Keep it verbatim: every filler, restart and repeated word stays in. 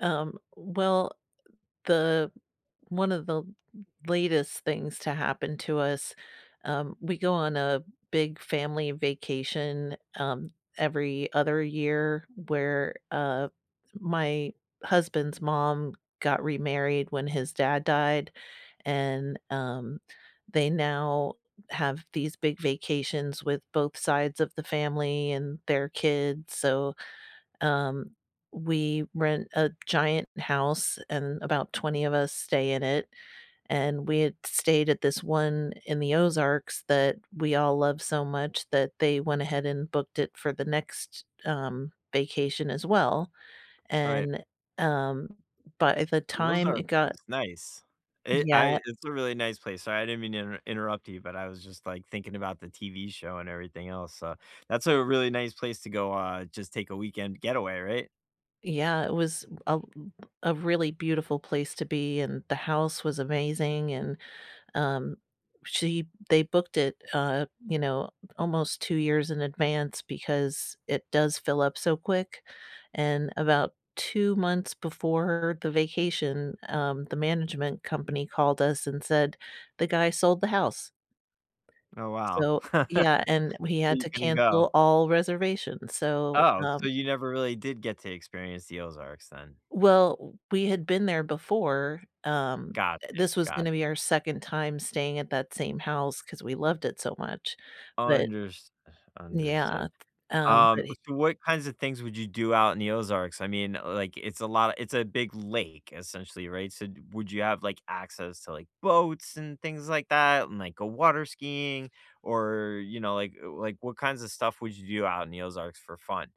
Um, well, the one of the l latest things to happen to us, um we go on a big family vacation, um, every other year where, uh, my husband's mom got remarried when his dad died, and, um, they now have these big vacations with both sides of the family and their kids, so, um, we rent a giant house and about twenty of us stay in it, and we had stayed at this one in the Ozarks that we all love so much that they went ahead and booked it for the next, um, vacation as well, Right. and, um, but at the Those time are it got pris nice. It Yeah I it's a really nice place. Sorry, I didn't mean to inter interrupt you, but I was just, like, thinking about the TV show and everything else, so that's a really nice place to go, uh, just take a weekend getaway, right? Yeah, it was a l a really beautiful place to be, and the house was amazing, and, um, she they booked it, uh, you know, almost two years in advance because it does fill up so quick and about two months before the vacation, um, the management company called us and said the guy sold the house. Oh, wow. So Yeah, and we So, had you to couldn't go. cancel all reservations, so, Oh, so um you never really did get to experience the Ozarks then? Well, we had been there before, um, uh, eh, Gotcha, this was gonna gotcha. be our second time staying at that same house 'cause we loved it so much. But Unders Yeah, understood. th um, Um, but he so, what kinds of things would you do out in the Ozarks? I mean, like, it's a lot it's a big lake, essentially, right, so, d would you have, like, access to, like, boats and things like that and, like, go water skiing? Or, you know, like like, uh, what kinds of stuff would you do out in the Ozarks for fun?